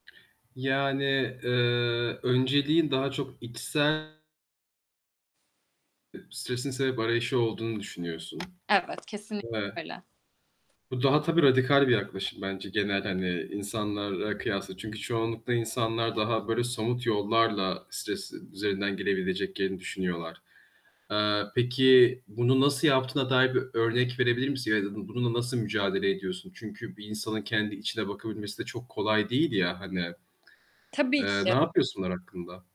Yani, eee, önceliğin daha çok içsel [unintelligible] Stresin sebep arayışı olduğunu düşünüyorsun Evet, kesinlikle ve öyle. bu daha tabii radikal bir yaklaşım bence, genel hani insanlarla kıyasla çünkü çoğunlukla insanlar daha böyle somut yollarla stres üzerinden gelebileceklerini düşünüyorlar. Eee, peki, bunu nasıl yaptığına dair bir örnek verebilir misin? Ya da bununla nasıl mücadele ediyorsun? Çünkü bir insanın kendi içine bakabilmesi de çok kolay değil ya hani. Tabii Eee, ki. napıyorsun onlar hakkında?